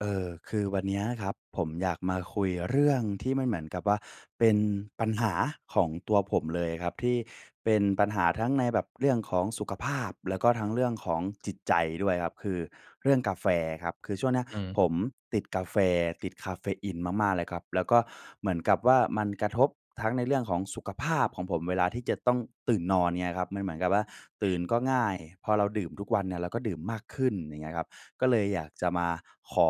เอ่อ คือวันเนี้ยนะครับ ผมอยากมาคุยเรื่องที่มันเหมือนกับว่าเป็นปัญหาของตัวผมเลยครับ ที่เป็นปัญหาทั้งในแบบเรื่องของสุขภาพ แล้วก็ทั้งเรื่องของจิตใจด้วยครับ คือเรื่องกาแฟครับ คือช่วงเนี้ยอืม ผมติดกาแฟ ติดกาเฟอีนมาก ๆ เลยครับ แล้วก็เหมือนกับว่ามันกระทบทั้งในเรื่องของสุขภาพของผมเวลาที่จะต้องตื่นนอน เงี้ยครับ มันเหมือนกับว่าตื่นก็ง่าย พอเราดื่มทุกวันเนี่ยเราก็ดื่มมากขึ้น อย่างเงี้ยครับ ก็เลยอยากจะมาขอ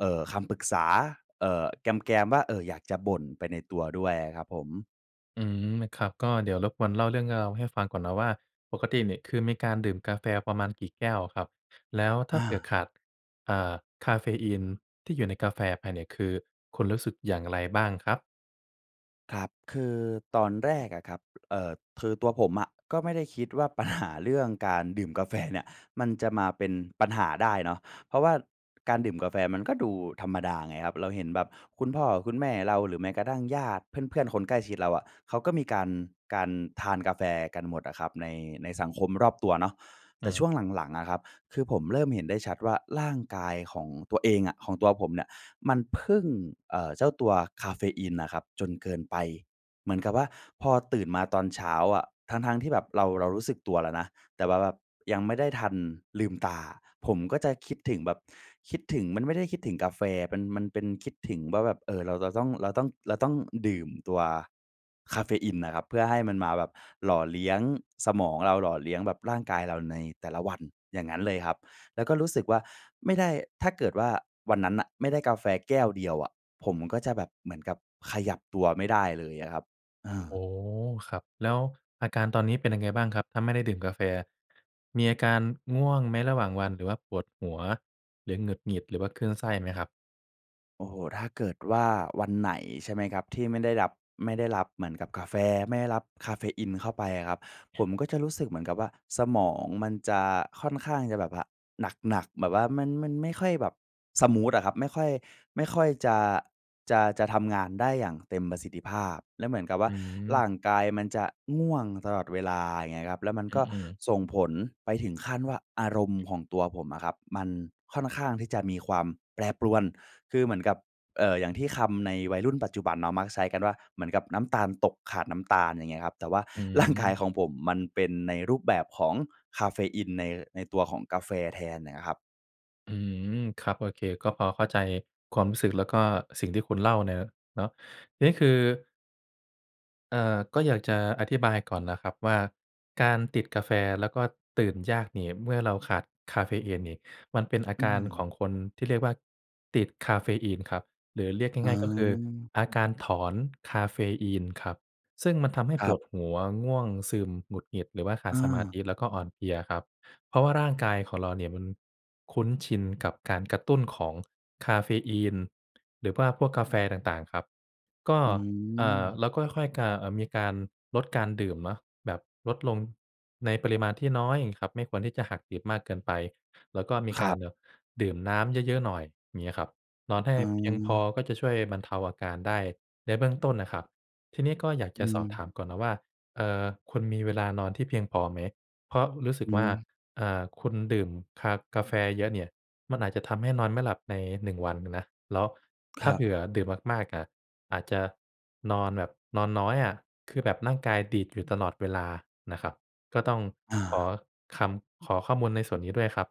เอ่อ คำปรึกษา เอ่อ แกม ๆ ว่า เอ่อ อยากจะบ่นไปในตัวด้วยอะครับผม อืม ม ครับ ก็เดี๋ยวรบกวนเล่าเรื่องราวให้ฟังก่อนนะว่า ปกติเนี่ยคือ มีการดื่มกาแฟประมาณกี่แก้วอะครับ? แล้วถ้อาเผื่อา ขาด เอ่อ คาเฟอีนที่อยู่ในกาแฟไปเนี่ย คือคุณรู้สึกอย่างไรบ้างครับ? ครับ คือตอนแรกอะครับ เอ่อ คือตัวผมอะก็ไม่ได้คิดว่า ปัญหา เรื่องการดื่มกา แฟ เนี่ย มันจะมาเป็นปัญหาได้เนาะ เพราะว่าการดื่มกาแฟมันก็ดูธรรมดาไงครับ เราเห็นแบบคุณพ่อคุณแม่เรา หรือแม้กระทั่งญาติ เพื่อน ๆ คนใกล้ชิดเราอะ เขาก็มีการ การทานกาแฟกันหมดอะครับ ใน ในสังคมรอบตัวเนาะ อแตื่ช่ม วงหลัง ๆ อะครับ คือผมเริ่มเห็นได้ชัดว่า ร่างกายของตัวเองอะ ของตัวผมเนี่ยมันพึ่ง เอ่อ เจ้าตัวกาเฟอีนน่ะครับจนเกินไป เหมือนกับว่าพอตื่นมาตอนเช้าอะ ทั้ง ๆ ที่แบบเรา เรารู้สึกตัวแล้วนะ แต่ว่าแบบยังไม่ได้ทันลืมตา ผมก็จะคิดถึงแบบคิดถึง มันไม่ได้คิดถึงกาแฟ มัน มันเป็นคิดถึงว่าแบบ เอ่อ เราจะต้อง เราต้อง เราต้องดื่มตัวกาเฟอีนน่ะครับ เพื่อให้มันมาแบบหล่อเลี้ยงสมองเรา หล่อเลี้ยงแบบร่างกายเราในแต่ละวัน อย่างงั้นเลยครับ แล้วก็รู้สึกว่า ไม่ได้ ถ้าเกิดว่าวันนั้นน่ะ ไม่ได้กาแฟแก้วเดียวอะ ผมก็จะแบบเหมือนกับขยับตัวไม่ได้เลยอะครับ เออ อ๋อ ครับ แล้วอาการตอนนี้เป็นยังไงบ้างครับ? ถ้าไม่ได้ดื่มกาแฟ มีอาการง่วงไหมระหว่างวัน หรือว่าปวดหัว หรือหงุดหงิด หรือว่าคลื่นไส้ไหมครับ? โอ้โฮ ถ้าเกิดว่าวันไหนใช่ไหมครับ ที่ไม่ได้รับ ไม่ได้รับเหมือนกับกาแฟ ไม่ได้รับคาเฟอีนเข้าไปอะครับ ผมก็จะรู้สึกเหมือนกับว่า สมองมันจะค่อนข้างจะแบบว่าหนัก ๆ แบบว่ามัน มันไม่ค่อยแบบสมูทอะครับ ไม่ค่อย ไม่ค่อยจะ จะ จะทำงานได้อย่างเต็มประสิทธิภาพ แล้วเหมือนกับวอ่ืา ร่ม างกายมันจะง่วงตลอดเวลา อย่างเงี้ยครับ แล้วมันอก็ือ ๆ ส่งผลไปถึงขั้นว่า อารมณ์ของตัวผมอะครับ มันค่อนข้างที่จะมีความแปรปรวน คือเหมือนกับ เอ่อ อย่างที่คำในวัยรุ่นปัจจุบันเนาะมักใช้กันว่า เหมือนกับน้ำตาลตก ขาดน้ำตาล อย่างเงี้ยครับ แต่ว่า อืร่างกาย ม ของผมมันเป็นในรูปแบบของคาเฟอีนใน ในตัวของกาแฟแทนน่ะนะครับ อืม ครับ โอเค ก็พอเข้าใจความรู้สึก แล้วก็สิ่งที่คุณเล่าเนี่ยเนาะ นี่คือ เอ่อ ก็อยากจะอธิบายก่อนนะครับว่า การติดกาแฟแล้วก็ตื่นยากนี่ เมื่อเราขาดคาเฟอีนนี่ มันเป็นอาอืการขอม งคนที่เรียกว่า ติดคาเฟอีนครับ หรือเรียกอ๋ง่าย ๆ ก็คือ อ อาการถอนคาเฟอีนครับ ซึ่งมันทำให้คปรับ วดหัว ง่วงซึม หงุดหงิด หรือว่าขาอดสมาธา ิ แล้วก็อ่อนเพลียครับ เพราะว่าร่างกายของเราเนี่ยมันคุ้นชินกับการกระตุ้นของคาเฟอีน หรือว่าพวกกาแฟต่าง ๆ ครับ ก็ อืเอ่อ ม เราค่อย ๆ กา เอ่อ มีการลดการดื่มเนาะ แบบลดลงในปริมาณที่น้อย อย่างงี้ครับ ไม่ควรที่จะหักดิบมากเกินไป แล้วก็มีคกราัรบ แบบดื่มน้ำเยอะ ๆ หน่อย เงี้ยครับ นอนให้เพียงพออา ก็จะช่วยบรรเทาอาการได้ในเบื้องต้นนะครับ ทีนี้ก็อยากอจืะสอบม ถามก่อนนะว่า เอ่อ คุณมีเวลานอนที่เพียงพอไหม? เพราะรู้สึอกืว่า ม อ่า คุณดื่มคา กาแฟเยอะเนี่ย มันอาจจะทำให้นอนไม่หลับใน 1 วันนะ แล้วคถ้ราัเบ ผื่อดื่มมาก ๆ น่ะ อาจจะนอนแบบ นอนน้อยอะ คือแบบร่างกายดีดอยู่ตลอดเวลานะครับ ก็ต้องอขอา คำ ขอข้อมูลในส่วนนี้ด้วยครับ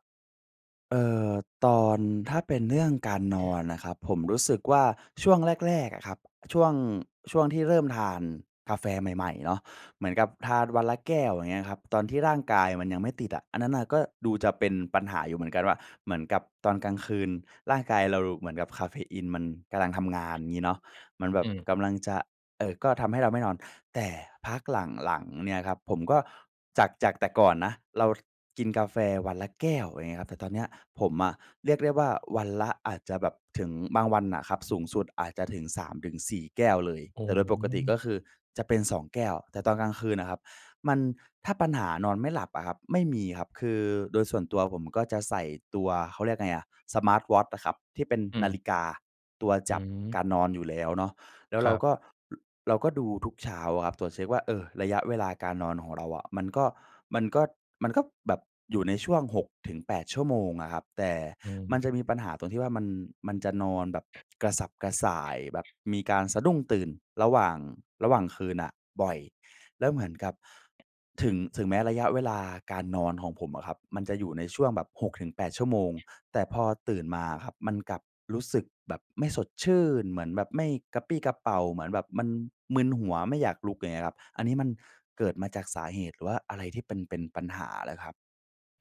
เอ่อ ตอน ถ้าเป็นเนื่องการนอนน่ะครับ ผมรู้สึกว่าช่วงแรก ๆ อะครับ ช่วง ช่วงที่เริ่มทานกาแฟใหม่ ๆ เนาะ เหมือนกับทานวันละแก้ว อย่างเงี้ยครับ ตอนที่ร่างกายมันยังไม่ติดอะ อันนั้นน่ะก็ดูจะเป็นปัญหาอยู่เหมือนกันว่า เหมือนกับตอนกลางคืนร่างกายเรา เหมือนกับกาเฟอีนมันกำลังทำงานงี้เนาะ มันแบอืบม กำลังจะ เอ่อ ก็ทำให้เราไม่นอน แต่พักหลัง ๆ เนี่ยครับ ผมก็ จาก จากแต่ก่อนนะเรา ค กินกาแฟวันละแก้ว อย่างเงี้ยครับ แต่ตอนเนี้ยผมอะ เรียกได้ว่า วันละ อาจจะแบบถึง บางวันอะครับสูงสุดอาจจะถึง 3-4 แก้วเลย อ๋แตอ ่โดยปกติก็คือจะเป็น 2 แก้ว แต่ตอนกลางคืนอะครับ มัน ถ้าปัญหานอนไม่หลับอะครับ ไม่มีครับ คือโดยส่วนตัวผมก็จะใส่ตัว เขาเรียกไงอะ สมาร์ตวอตช์อะครับ ที่เป็นอืนาม ฬิกาตัวอืจับม การนอนอยู่แล้วเนาะ แล้วคเรราับ ก็ ล เราก็ดูทุกเช้าอะครับ ตรวจเช็กว่า เออ ระยะเวลาการนอนของเราอะ มันก็ มันก็ มันก็ แบบอยู่ในช่วง 6-8 ชั่วโมงอะครับ แต่อืมัม นจะมีปัญหาตรงที่ว่ามัน มันจะนอนแบบกระสับกระส่าย แบบมีการสะดุ้งตื่นระหว่าง ระหว่างคืนน่ะบ่อย แล้วเหมือนกับ ถึง ถึงแม้ระยะเวลาการนอนของผมอะครับ มันจะอยู่ในช่วงแบบ 6-8 ชั่วโมง แต่พอตื่นมาอะครับ มันกลับรู้สึกแบบไม่สดชื่น เหมือนแบบไม่กระปรี้กระเปร่า เหมือนแบบมันมึนหัวไม่อยากลุก อย่างเงี้ยครับ อันนี้มันเกิดมาจากสาเหตุ หรือว่าอะไรที่เป็น เป็นปัญหาเหรอครับ?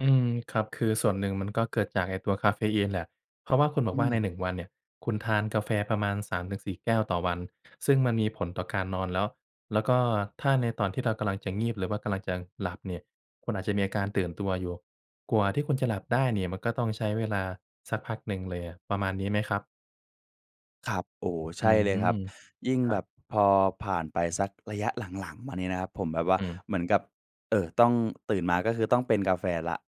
อืม ครับ คือส่วนหนึ่งมันก็เกิดจากไอ้ตัวกาเฟอีนแหละ เพราะว่าคุณบออกืว่าใม น 1 วันเนี่ย คุณทานกาแฟประมาณ 3 ถึง 4 แก้วต่อวัน ซึ่งมันมีผลต่อการนอนแล้ว แล้วก็ถ้าในตอนที่เรากำลังจะงีบ หรือว่ากำลังจะหลับเนี่ย คุณอาจจะมีอาการตื่นตัวอยู่ กว่าที่คุณจะหลับได้เนี่ย มันก็ต้องใช้เวลาสักพักหนึ่งเลยอะ ประมาณนี้ไหมครับ? ครับ โอ้ อใชื่เลยครัม บ ยิ่งครัแบบ บพอผ่านไปสักระยะ หลัง ๆ มาเนี่ยนะครับผมแบบว่าอืม เหมือนกับ เอ่อ ต้องตื่นมา ก็คือต้องเป็นกาแฟแล้ว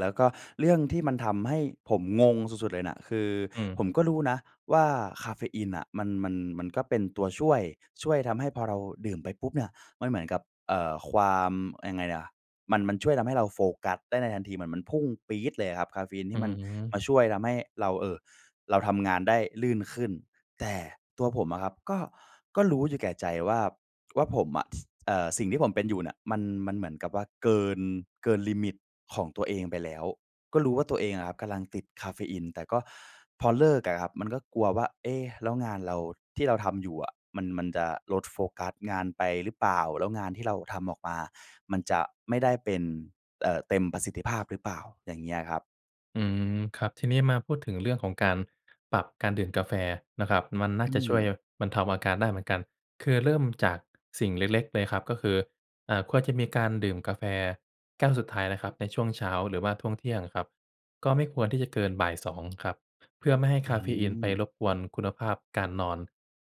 แล้วก็เรื่องที่มันทำให้ผมงงสุด ๆ เลยน่ะ คืออืม ผมก็รู้นะว่า กาเฟอีนน่ะมัน มัน มันก็เป็นตัวช่วย ช่วยทำให้พอเราดื่มไปปุ๊บเนี่ยมันเหมือนกับ เอ่อ ความ ยังไงอะ มัน มันช่วยทำให้เราโฟกัสได้ในทันที เหมือนมันพุ่งปี๊ดเลยอะครับ กาเฟอีนอทีื่มันมม าช่วยทำให้เรา เอ่อ เราทำงานได้ลื่นขึ้น แต่ตัวผมอะครับ ก็ ก็รู้อยู่แก่ใจว่า ว่าผมอะ เอ่อ สิ่งที่ผมเป็นอยู่น่ะมัน มันเหมือนกับว่าเกิน เกินลิมิตของตัวเองไปแล้ว ก็รู้ว่าตัวเองอะครับกำลังติดกาเฟอีน แต่ก็พอเลิกอะครับ มันก็กลัวว่า เอ๊ะ แล้วงานเราที่เราทำอยู่อะ มัน มันจะลดโฟกัสงานไปหรือเปล่า แล้วงานที่เราทำออกมามันจะไม่ได้เป็น เอ่อ เต็มประสิทธิภาพหรือเปล่า อย่างเงี้ยครับ อืม ครับ ทีนี้มาพูดถึงเรื่องของการปรับการดื่มกาแฟนะครับ มันน่อาืจะช่วย ม ห บรรเทาอาการได้เหมือนกัน คือเริ่มจากสิ่งเล็ก ๆ เลยครับ ก็คือ อ่า ควรจะมีการดื่มกาแฟแก้วสุดท้ายนะครับในช่วงเช้า หรือว่าช่วงเที่ยงครับ ก็ไม่ควรที่จะเกินบ่าย 2 ครับ เพื่อไม่ให้อคาเฟอีนไปืม รบกวนคุณภาพการนอน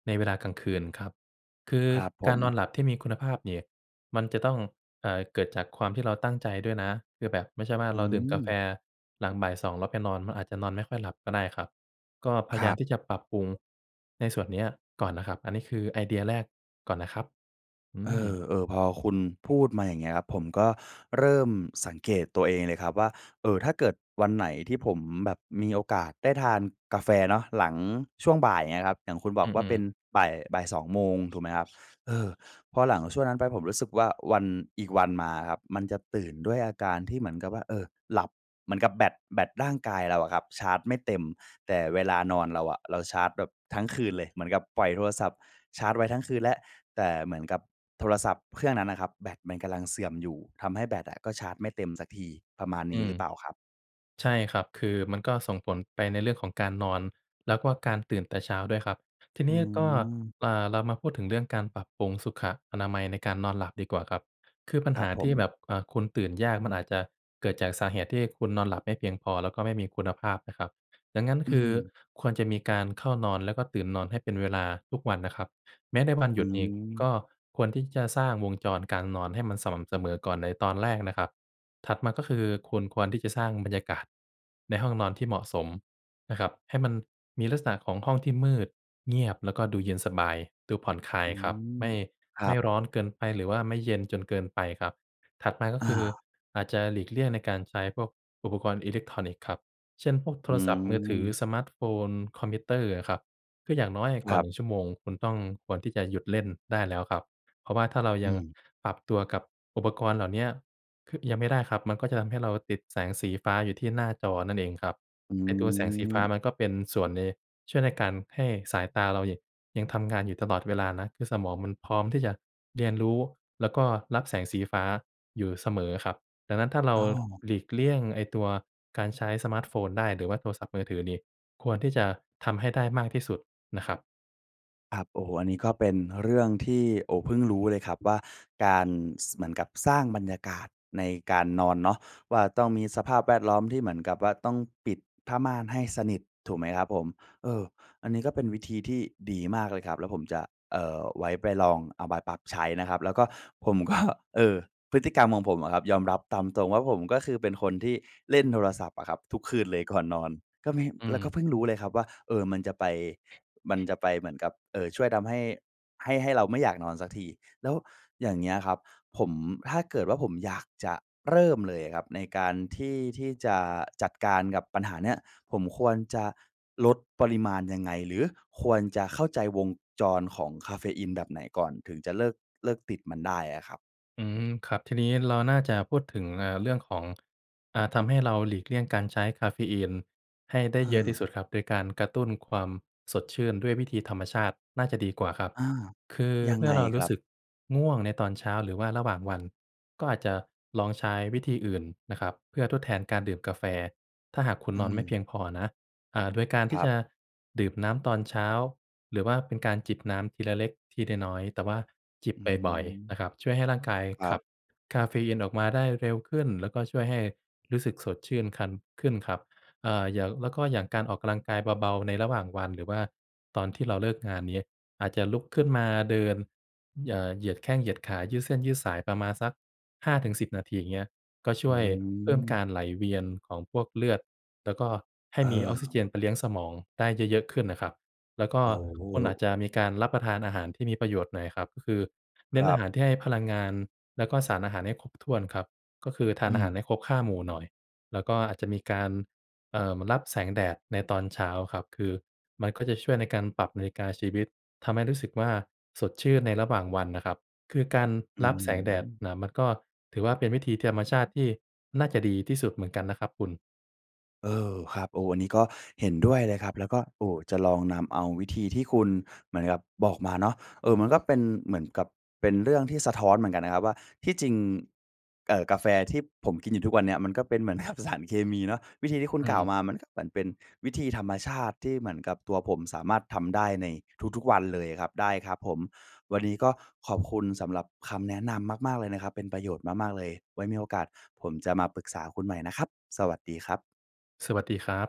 ในเวลากลางคืนครับ คือครับผการม นอนหลับที่มีคุณภาพเนี่ยมันจะต้อง เอ่อ เกิดจากความที่เราตั้งใจด้วยนะ คือแบบไม่ใช่ว่าอืเราดื่มกาแฟม หลังบ่ายสองแล้วไปนอนมันอาจจะนอนไม่ค่อยหลับก็ได้ครับ ก็พยคารยาัมบ ที่จะปรับปรุงในส่วนเนี้ยก่อนนะครับ อันนี้คือไอเดียแรกก่อนนะครับ อืเอม อ ๆ พอคุณพูดมา อย่างเงี้ยครับ ผมก็เริ่มสังเกตตัวเองเลยครับว่า เอ่อ ถ้าเกิดวันไหนที่ผมแบบมีโอกาสได้ทานกาแฟเนาะหลังช่วงบ่ายเนี่ยครับ อย่างคุณบออืกว่าเปอ ็ๆ นบ่าย-บ่าย 2 โมงถูกไหมครับ เออ พอหลังช่วงนั้นไปผมรู้สึกว่าวัน อีกวันมาครับ มันจะตื่นด้วยอาการที่เหมือนกับว่า เออ หลับเหมือนกับแบต แบตร่างกายเราอะครับ ชาร์จไม่เต็ม แต่เวลานอนเราอะเราชาร์จแบบทั้งคืนเลย เหมือนกับปล่อยโทรศัพท์ชาร์จไว้ทั้งคืนแล้ว แต่เหมือนกับโทรศัพท์เครื่องนั้นอะครับ แบตมันกำลังเสื่อมอยู่ทำให้แบตอะก็ชาร์จไม่เต็มสักทีประมาณนอี้ืหรม ือเปล่าครับ? ใช่ครับ คือมันก็ส่งผลไปในเรื่องของการนอน แล้วก็การตื่นแต่เช้าด้วยครับ ทีอนืี้ก็ ม อ่า เรามาพูดถึงเรื่องการปรับปรุงสุขอนามัยในการนอนหลับดีกว่าครับ คือปัญครหับาผทีม ่แบบ อ่า คุณตื่นยากมันอาจจะเกิดจากสาเหตุที่คุณนอนหลับไม่เพียงพอแล้วก็ไม่มีคุณภาพนะครับ ดังนั้นอืคือม ควรจะมีการเข้านอนแล้วก็ตื่นนอนให้เป็นเวลาทุกวันนะครับ แม้ในวันอหืยุดเองกม ็ควรที่จะสร้างวงจรการนอนให้มันสม่ำเสมอก่อนในตอนแรกนะครับ ถัดมาก็คือคุณควรที่จะสร้างบรรยากาศในห้องนอนที่เหมาะสมนะครับ ให้มันมีลักษณะของห้องที่มืด เงียบ แล้วก็ดูเย็นสบาย ดูผ่อนคลาอยืครับ ม ไม่ ครัไม่บ ร้อนเกินไป หรือว่าไม่เย็นจนเกินไปครับ ถัดมาก็อคือา อาจจะหลีกเลี่ยงในการใช้พวกอุปกรณ์อิเล็กทรอนิกส์ครับ เช่น พวกโทอืรศัพท์มือถือ ม สมาร์ทโฟน คอมพิวเตอร์อะครับ คืออย่างน้อยคก่อรัน บ 1 ชั่วโมงคุณต้องควรที่จะหยุดเล่นได้แล้วครับ เพราะว่าถ้าเราอืยังม ปรับตัวกับอุปกรณ์เหล่าเนี้ย ค ยังไม่ได้ครับ มันก็จะทำให้เราติดแสงสีฟ้าอยู่ที่หน้าจอนั่นเองครับ อืไอ้ตัวแสงสีฟ้าม มันก็เป็นส่วนช่วยใน ช่วยในการให้สายตาเรา ย ยังทำงานอยู่ตลอดเวลานะ คือสมองมันพร้อมที่จะเรียนรู้ แล้วก็รับแสงสีฟ้าอยู่เสมอครับ ดังนั้นถ้าเรโอา้ หลีกเลี่ยงไอ้ตัวการใช้สมาร์ทโฟนได้ หรือว่าโทรศัพท์มือถือนี่ ควรที่จะทำให้ได้มากที่สุดนะครับ ครับ โอ้โฮ อันนี้ก็เป็นเรื่องที่ โอ้ เพิ่งรู้เลยครับว่าการ ส เหมือนกับสร้างบรรยากาศในการนอนเนาะว่า ต้องมีสภาพแวดล้อมที่เหมือนกับว่า ต้องปิดผ้าม่านให้สนิทถูกไหมครับผม เอ่อ อันนี้ก็เป็นวิธีที่ดีมากเลยครับ แล้วผมจะ เอ่อ ไว้ไปลองเอาไปปรับใช้นะครับ แล้วก็ผม ก็ เออ พฤติกรรมของผมอะครับ ยอมรับตามตรงว่าผมก็คือเป็นคนที่เล่นโทรศัพท์อะครับทุกคืนเลย ก่อน นอน ก็มี อืแล้วก็ม เพิ่งรู้เลยครับว่า เอ่อ มันจะไป มันจะไปเหมือนกับ เอ่อ ช่วยทำให้ ให้ ให้เราไม่อยากนอนสักที แล้วอย่างเงี้ยครับ ผม ถ้าเกิดว่าผมอยากจะเริ่มเลยครับในการที่ ที่จะจัดการกับปัญหาเนี้ย ผมควรจะลดปริมาณยังไง หรือควรจะเข้าใจวงจรของคาเฟอีนแบบไหนก่อน ถึงจะเลิก เลิกติดมันได้อะครับ? อืม ครับ ทีนี้เราน่าจะพูดถึง เอ่อ เรื่องของ อ่า ทำให้เราหลีกเลี่ยงการใช้คาเฟอีนให้ได้เเยอะที่ออ สุดครับ โดยการกระตุ้นความสดชื่นด้วยวิธีธรรมชาติน่าจะดีกว่าครับ อา คือยัเงมื่ไองเรารคูร้ัสบ? ึกง่วงในตอนเช้า หรือว่าระหว่างวัน ก็อาจจะลองใช้วิธีอื่นนะครับเพื่อทดแทนการดื่มกาแฟ ถ้าหากคุณอืนอนไม่เพีม ยงพอนะ อ่า โดยการทคีร่ัจบ ะดื่มน้ำตอนเช้า หรือว่าเป็นการจิบน้ำทีละเล็กทีละน้อย แต่ว่าจิบอืบ่อย ม ๆ นะครับ ช่วยให้ร่างกายครขัับ บคาเฟอีนออกมาได้เร็วขึ้น แล้วก็ช่วยให้รู้สึกสดชื่นคัน ขึ้นครับ เอ่อ อย่าง แล้วก็อย่างการออกกำลังกายเบา ๆ ในระหว่างวัน หรือว่าตอนที่เราเลิกงานนี้ อาจจะลุกขึ้นมาเดิน เหย่อ เหยียดแข้งเหยียดขา ยืดเส้นยืดสายประมาณสัก 5 ถึง 10 นาที อย่างเงี้ย ก็ชอื่วยเพิ่มกม ารไหลเวียนของพวกเลือด แล้วก็ให้เมีออกซิเจนออ ไปเลี้ยงสมองได้เยอะ ๆ ขึ้นน่ะครับ แล้วก็ โอคุณอา้ จจะมีการรับประทานอาหารที่มีประโยชน์หน่อยครับ ก็คือเนค้นรอัาบ หารที่ให้พลังงาน แล้วก็สารอาหารให้ครบถ้วนครับ ก็คือทานอือาหม ารให้ครบ 5 หมู่หน่อย แล้วก็อาจจะมีการ เอ่อ รับแสงแดดในตอนเช้าครับ คือมันก็จะช่วยในการปรับนาฬิกาชีวิต ทำให้รู้สึกว่า สดชื่นในระหว่างวันน่ะครับ คือการอืร้อับฮแืสงแดดอ น่ะ มันก็ถือว่าเป็นวิธีธรรมชาติที่น่าจะดีที่สุดเหมือนกันนะครับคุณ เออ ครับ โอ้ อันนี้ก็เห็นด้วยเลยครับ แล้วก็ โอ้ จะลองนำเอาวิธีที่คุณ เหมือนกับบอกมาเนาะ เออ มันก็เป็นเหมือนกับ เป็นเรื่องที่สะท้อนเหมือนกันนะครับว่า ที่จริง เอ่อ กาแฟที่ผมกินอยู่ทุกวันเนี้ย มันก็เป็นเหมือน กับ สารเคมีเนาะ วิธีที่คุณอืกล่าวม มามันหมือนเป็นวิธีธรรมชาติ ที่เหมือนกับตัวผมสามารถทำได้ในทุก ๆ วันเลยครับ ได้ครับผม วันนี้ก็ ขอบคุณสำหรับคำแนะนำมาก ๆ เลยนะครับ เป็นประโยชน์มาก ๆ เลย ไว้มีโอกาสผมจะมาปรึกษาคุณใหม่นะครับ สวัสดีครับ สวัสดีครับ